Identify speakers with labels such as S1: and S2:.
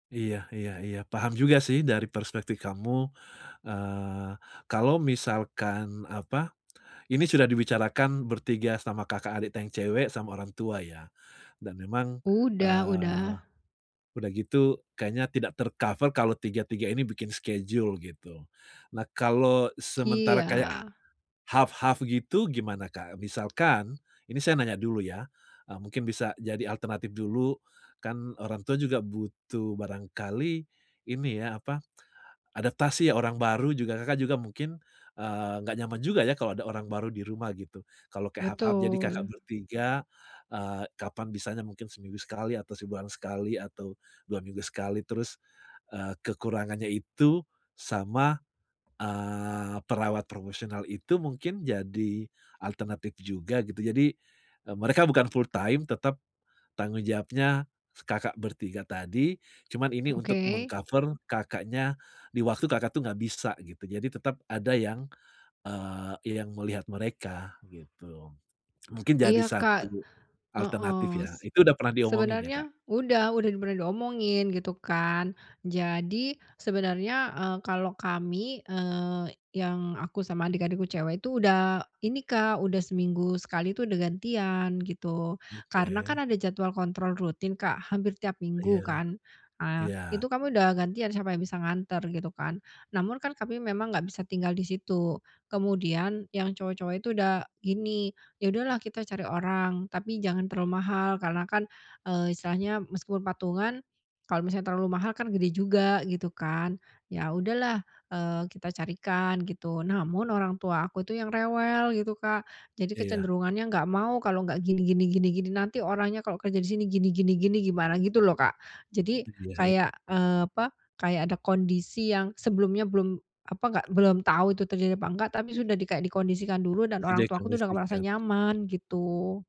S1: Iya iya iya. Paham juga sih, dari perspektif kamu, eee, kalau misalkan apa, ini sudah dibicarakan bertiga sama Kakak, adiknya cewek, sama orang tua ya, dan memang,
S2: Udah
S1: eee,
S2: udah.
S1: udah gitu kayaknya tidak ter-cover kalau tiga tiga ini bikin schedule gitu. Nah, kalau sementara kayak
S2: Iya.
S1: h half half gitu, gimana, Kak? Misalkan, ini saya nanya dulu ya, eee, mungkin bisa jadi alternatif dulu, kan orang tua juga butuh barangkali, ini ya, apa, adaptasi ya, orang baru juga Kakak juga mungkin, eee, nggak nyaman juga ya, kalau ada orang baru di rumah, gitu. Kalau kayak half half, jadi Kakak
S2: Betul.
S1: bertiga, eee, kapan bisanya mungkin seminggu sekali atau sebulan sekali atau 2 minggu sekali, terus, eee, kekurangannya itu, sama, eee, perawat profesional itu mungkin jadi alternatif juga gitu, jadi, eee, mereka bukan fulltime, tetap, tanggung jawabnya Kakak bertiga tadi, cuman ini
S2: Oke.
S1: untuk meng-cover Kakaknya di waktu Kakak tuh nggak bisa gitu, jadi tetap ada yang, eee, ya yang melihat mereka gitu, mungkin jadi
S2: Iya, Kak,
S1: satu alternatif
S2: heeh,
S1: ya.
S2: s
S1: Itu udah pernah diomongin ya, Kak?
S2: sebenarnya udah udah bener diomongin, gitu kan. Jadi, sebenarnya, eee, kalau kami, eee, yang aku sama adik-adikku cewek itu, udah ini, Kak, udah seminggu sekali, udah gantian, gitu. Karena
S1: Oke.
S2: kan ada jadwal kontrol rutin, Kak, hampir tiap
S1: Iya.
S2: minggu kan. Ah,
S1: Iya.
S2: Itu kami udah gantian siapa yang bisa nganter gitu kan, namun kan kami memang nggak bisa tinggal di situ. Kemudian yang cowok-cowok itu udah gini, "Ya udahlah kita cari orang, tapi jangan terlalu mahal," karena kan, eee, istilahnya meskipun patungan, kalau misalnya terlalu mahal, kan gede juga, gitu kan. Ya udahlah, eee, kita carikan gitu, namun orang tua aku itu yang rewel gitu, Kak. Jadi
S1: Iya.
S2: kecenderungannya nggak mau kalau nggak gini gini gini gini, nanti orangnya kalau kerja di sini gini gini gini gimana, gitu, loh, Kak. Jadi
S1: Iya he
S2: kayak, eee, apa, kayak ada kondisi yang sebelumnya belum, apa, nggak belum tahu itu terjadi apa enggak, tapi sudah kayak dikondisikan dulu dan
S1: Sudah
S2: orang tuaku udah nggak merasa
S1: dikondisikan?
S2: nyaman, gitu.